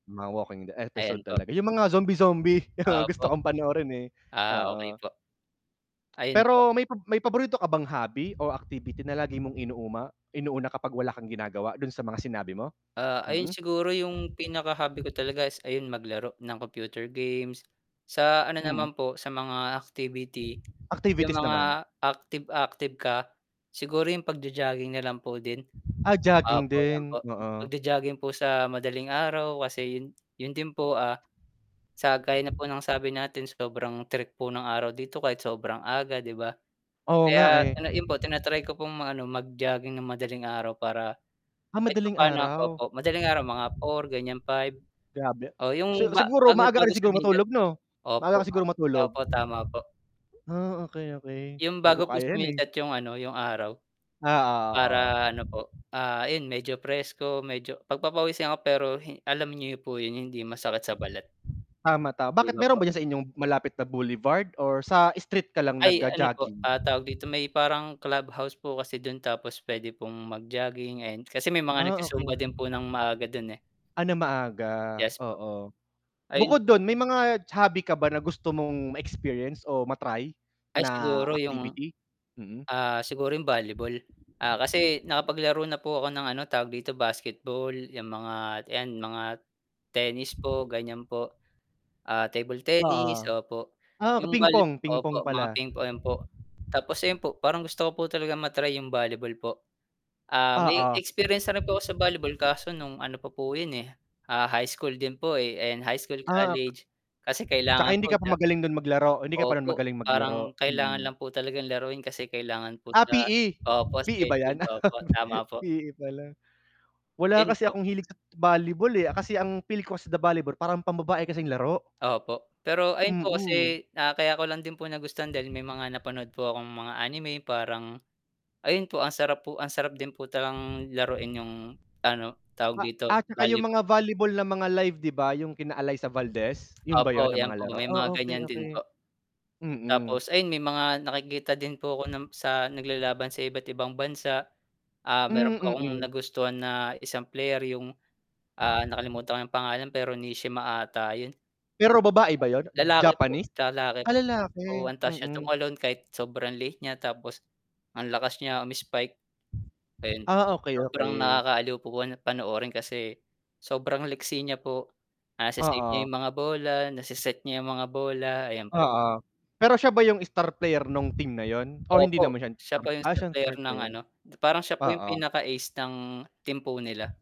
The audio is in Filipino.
Mga walking dead episode Ayan po. talaga. 'Yung mga zombie zombie yung Opo. gusto kong panoorin eh. Ah okey Oo. po. Ayun po. Pero may pab may paborito ka bang hobby or activity na lagi mong inuma inuuna kapag wala kang ginagawa do'n sa mga sinabi mo? Ah, ayun siguro yung pinaka-hobby ko talaga is ayun maglaro ng computer games, sa ano naman Mm. po, sa mga activity 'yung Activities naman. mga active active ka, siguro yung pag-jo-jogging na lang po din. Ah, jogging Opo 'yan din, po oo pag-jo-jogging po sa madaling araw kasi yun yun din po ah sa gaya na po ng sabi natin sobrang tirik po ng araw dito kahit sobrang aga, 'di ba. Oo nga Kaya eh. 'yun po tina-try ko pong mag-ano mag-jogging nang madaling araw para Ah, kahit madaling pa-paano araw? opo, madaling nga mga 4 gan'yan 5, Grabe. oo 'yung Si siguro ba-bago, maaga ka bago rin siguro sumikat matulog 'no? Maaga opo ka siguro matulog? opo tama po. Ah, okey okey. 'Yung 'Di ko bago po kaya 'yan eh. sumikat 'yung ano, 'yung araw Ah oo, oo. para ano po, ah, ayun medyo fresko medyo pag-pa-pawisan ako pero hi alam niyo po 'yun, hindi masakit sa balat. Tama tama. 'Di Bakit ba meron po? ba diyan sa inyong malapit na boulevard or sa street ka lang Ay ano po, nag-ga-jogging? ah, tawag dito, may parang clubhouse po kasi dun tapos pwede pong mag-jogging, ayan, kasi may mga Ah okey, nagsusumba ok din po nang maaga do'n eh. Ano maaga. Yes po. Oo. Ayun po. Bukod do'n may mga hobby ka ba na gusto mong ma-experience o ma-try Ay na siguro 'yung, activity? Mm. ah, siguro yung volleyball, ah, kasi nakapaglaro na po ako ng ano tawag dito, basketball 'yang mga 'yan, mga tennis po gan'yan po, ah, table tennis Oo, opo. ah 'Yong ping volley pong, ping opo, pong mga pala. ping-pong po tapos 'yun po parang gusto ko po talagang ma-try 'yung volleyball po, ah, may Oo. experience na rin po ako sa volleyball kaso nung ano pa po 'yun eh, ah, high school din po eh, ayan, high school Ah, ok college kasi Tsaka kailangan hindi po. ka Opo pa sa magaling dun maglaro, hindi ka pa opo, magaling parang maglaro? kailangan Mm. lang po talagang laruin kasi kailangan po Ah, sa PE, opo, PE ba schedule, yan? opo, tama po. PE pala. Wala Yun kasi po. akong hilig sa volleyball eh, ah, kasi ang feel ko sa the volleyball parang pambabae kasing laro. Opo, pero ayun po Mm. kasi na kaya ko lang din po nagustuhan dahil may mga napanood po akong mga anime parang ayun po, ang sarap po ang sarap din po talagang laruin 'yung ano, tawag A dito at tsaka yung volleyball mga po. volleyball na mga live, 'di ba? 'Yung kina Allysa Valdez 'yun ba 'yun Opo, ng 'yan mga po laro? may mga Oh. okey gan'yan din okey. po. Mm. Tapos ayun may mga nakikita din po ako ng sa naglalaban sa iba't ibang bansa, ah, Hmm, meron pa akong mm. nagustuhan na isang player yung, ah, nakalimutan ko yung pangalan pero Nishima ata yun. Pero babae ba yun? Lalaki po, Japanese? lalaki Ah, po. Oo, lalaki, antaas niya mm. tumalon kahit sobrang liit niya tapos ang lakas niya umi-spike, ayun po. Ah, okey Sobrang okey. nakakaaliw po po panoorin kasi sobrang liksi niya po, nase-save niya Oo. 'yung mga bola, nase-set niya 'yung mga bola, ayan po. Oo, pero siya ba 'yung star player nung team na 'yun o hindi Opo naman siya, siya po 'yung ah, star siya star player ng player. ano, parang siya pa 'yung Oo. pinaka-ace ng team po nila.